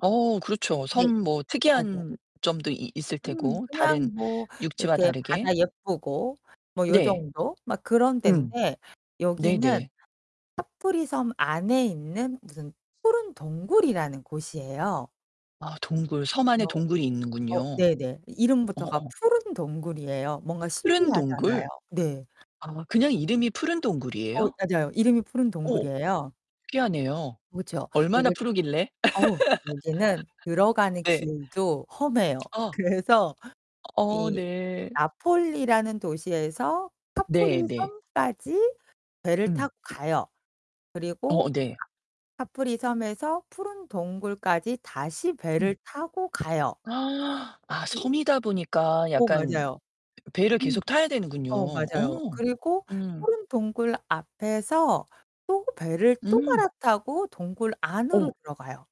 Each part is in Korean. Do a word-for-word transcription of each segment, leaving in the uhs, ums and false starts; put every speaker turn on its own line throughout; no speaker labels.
어, 그렇죠.
네.
섬 뭐
맞아요.
특이한 점도 이 있을
음,
테고,
그냥
다른
뭐
육지와
이렇게
다르게.
바다 예쁘고 뭐
네.
요정도 막 그런
음.
데인데 여기는
네네.
카프리섬 안에 있는 무슨 푸른 동굴이라는 곳이에요.
아, 동굴. 섬 안에
그래서
동굴이
어
있는군요.
네네. 이 이름부터가
어어.
푸른 동굴이에요. 뭔가
푸른 동굴?
신기하잖아요. 네.
아, 그냥 이름이 푸른
어,
동굴이에요?
맞아요. 이름이 푸른
오,
동굴이에요.
신기하네요.
그렇죠.
얼마나
그리고
푸르길래?
어우 여기는 들어가는
예.
길도 험해요.
아.
그래서
어,
이
네.
나폴리라는 도시에서
네 네.
카프리섬까지 배를
음.
타고 가요. 그리고
어, 네.
카프리섬에서 푸른 동굴까지 다시
음.
배를 타고 가요.
아,
그
섬이다 보니까
어,
약간
맞아요.
배 배를
음.
계속 타야 되는군요.
어,
어
맞아요. 그리고
음.
푸른 동굴 앞에서 또 배를 또
음.
갈아타고 동굴 안으로
어.
들어가요.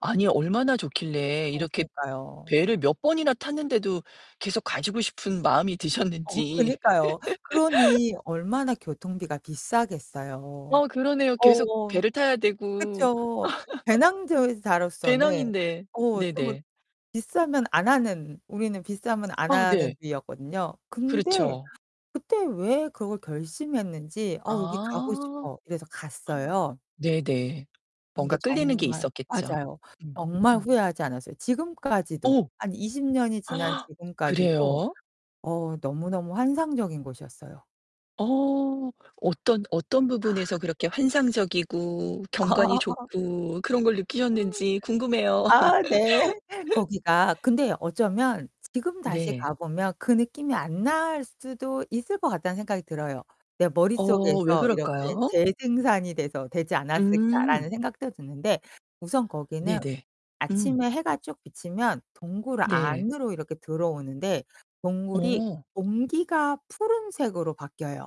아니, 얼마나 좋길래
어,
이렇게
그러니까요.
배를 몇 번이나 탔는데도 계속 가시고 싶은 마음이
어,
드셨는지.
그니까요. 그러니 얼마나 교통비가 비싸겠어요.
어, 그러네요. 계속
어어.
배를 타야 되고.
그쵸. 배낭저 자로서는
배낭인데.
어 또 뭐
네네.
비싸면 안 하는 우리는 비싸면 안
아,
하는
네.
주의였거든요. 근데
그렇죠.
그때 왜 그걸 결심했는지 '어 여기 가고
아.
싶어.' 이래서 갔어요.
네네.
근데
뭔가 끌리는 게
정말
있었겠죠.
맞아요.
음.
정말
음.
후회하지 않았어요. 지금까지도
어우.
한 이십 년이 지난 지금까지도
그래요?
어우, 너무너무 환상적인 곳이었어요.
어 어떤, 어떤
아.
부분에서 그렇게 환상적이고 경관이 좋고 그런 걸
음,
느끼셨는지 궁금해요.
아, 네. 거기가 근데 어쩌면 지금 다시
네.
가 보면 그 느낌이 안 날 수도 있을 것 같다는 생각이 들어요. '내
어, 왜
머릿속에서 이렇게
그럴까요?
재생산이 돼서 되지
음.
않았을까.'라는 생각도 드는데 우선 거기는
네네. 음.
아침에 해가 쭉 비치면 동굴
네.
안으로 이렇게 들어오는데 동굴이
어.
공기가 푸른색으로 바뀌어요.